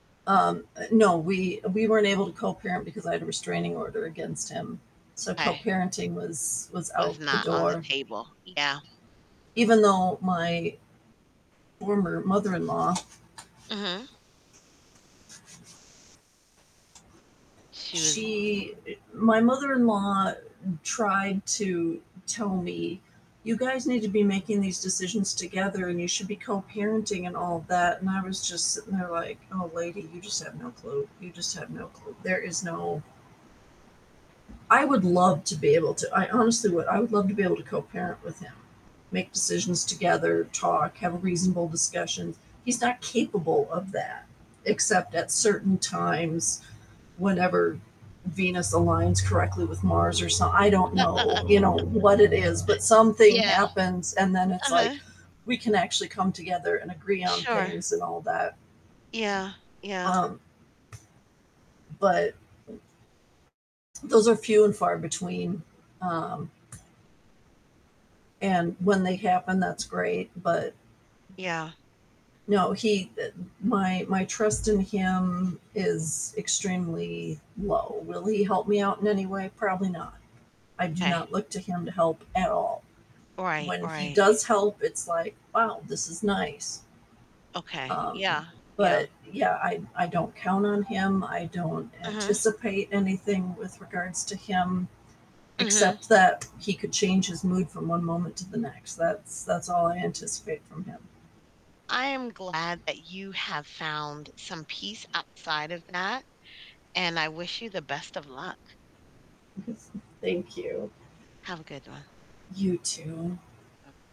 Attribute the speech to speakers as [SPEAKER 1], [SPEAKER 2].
[SPEAKER 1] Um, eh, no we we weren't able to co-parent because I had a restraining order against him, so
[SPEAKER 2] 'Kay.
[SPEAKER 1] co-parenting was was
[SPEAKER 2] Was
[SPEAKER 1] out the
[SPEAKER 2] not on the
[SPEAKER 1] door.
[SPEAKER 2] table. Yeah.
[SPEAKER 1] Even though my former mother-in-law
[SPEAKER 2] Mhm. She was
[SPEAKER 1] she eh, my mother-in-law tried to tell me, "You guys need to be making these decisions together, and you should be co-parenting and all that," and I was just sitting there like, "Oh, lady, you just have no clue. You just have no clue. There is no" I would love to be able to I honestly would. I would love to be able to co-parent with him, make decisions together, talk, have a reasonable discussions, he's not capable of that except at certain times, whenever Venus aligns correctly with Mars or some I don't know, you know, what it is, but something
[SPEAKER 2] Yeah.
[SPEAKER 1] happens, and then it's like,
[SPEAKER 2] Uh-huh.
[SPEAKER 1] we can actually come together and agree on
[SPEAKER 2] Sure.
[SPEAKER 1] things and all that.
[SPEAKER 2] Yeah, yeah.
[SPEAKER 1] Um, but those are few and far between, um and when they happen, that's great, but
[SPEAKER 2] Yeah.
[SPEAKER 1] no, he, eh, my my trust in him is extremely low. Will he help me out in any way? Probably not, I do
[SPEAKER 2] 'Kay.
[SPEAKER 1] not look to him to help at all,
[SPEAKER 2] Right,
[SPEAKER 1] when he
[SPEAKER 2] right.
[SPEAKER 1] does help, it's like, "Wow, this is nice."
[SPEAKER 2] Okay.
[SPEAKER 1] Um,
[SPEAKER 2] Yeah, yeah.
[SPEAKER 1] but, yeah, I I don't count on him, I don't
[SPEAKER 2] Mhm.
[SPEAKER 1] anticipate anything with regards to him,
[SPEAKER 2] Mhm.
[SPEAKER 1] except that he could change his mood from one moment to the next, that's that's all I anticipate from him.
[SPEAKER 2] I am glad that you have found some peace outside of that, and I wish you the best of luck.
[SPEAKER 1] Thank you.
[SPEAKER 2] Have a good one.
[SPEAKER 1] You too.
[SPEAKER 2] Oh